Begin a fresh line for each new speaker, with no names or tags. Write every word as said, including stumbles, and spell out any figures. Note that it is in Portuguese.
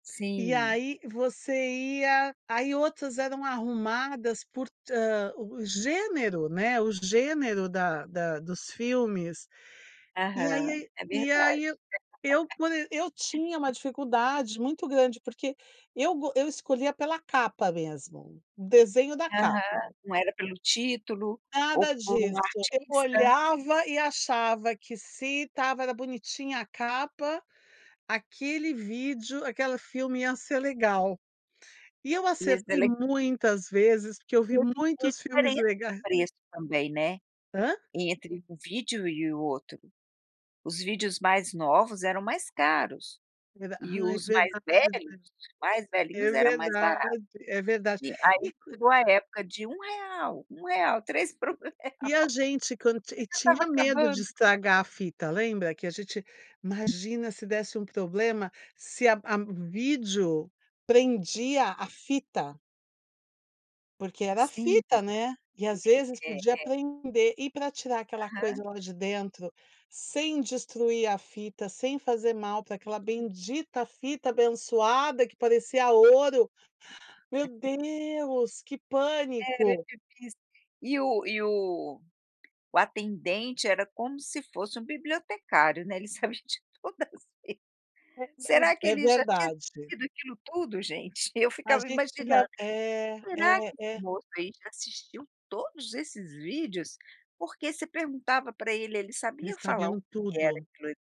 E
Sim.
aí você ia aí outras eram arrumadas por, hã, o gênero, né, o gênero da da dos filmes, e
Aham,
aí
é
e
verdade.
aí eu eu quan eu tinha uma dificuldade muito grande porque eu go eu escolhia pela capa mesmo, o desenho da
Aham,
capa.
não era pelo título ou
Nada
por um
disso, eu
artista.
olhava e achava que se estava era bonitinha a capa, aquele vídeo, aquele filme ia ser legal. E eu
Ia, ser
acertei
leg
muitas vezes porque eu vi
[unintelligible] vê
muitos filmes
diferença de
lega
preço, também, né,
Hã?
entre um vídeo e o outro. Os vídeos mais novos eram mais caros
[unintelligible]
e
Ai,
os mais
verdade.
velhos, os mais
É
velhinhos, era mais barato.
verdade, é verdade.
E aí
E quan
chegou a época de um real, um real, três por um real. Chega
E a gente quan ti e
estava
tinha medo
acabando
de
[unintelligible]
estragar a fita, lembra? Que a gente imagina se desse um problema, se a a vídeo prendia a fita? Porque era
Sim.
fita, né, e às vezes
É,
podia
é, é.
prender e, pra tirar aquela coisa
Aham.
lá de dentro sem destruir a fita, sem fazer mal pra aquela bendita fita, abençoada, que parecia ouro. Meu
[unintelligible]
Deus, que
Era
pânico!
difícil. E o e o o atendente era como se fosse um bibliotecário, né, ele sabe de todas [unintelligible]
É mas
Será que
É
ele já tinha
verdade.
assistido aquilo tudo, gente? Eu
A
ficava
gente fica
imaginando,
é,
será que
é,
esse
é.
moço aí já assistiu todos esses vídeos? Porque você perguntava pra ele, ele sabia
Eles
falar
sabiam
o que era
tudo.
aquilo ali.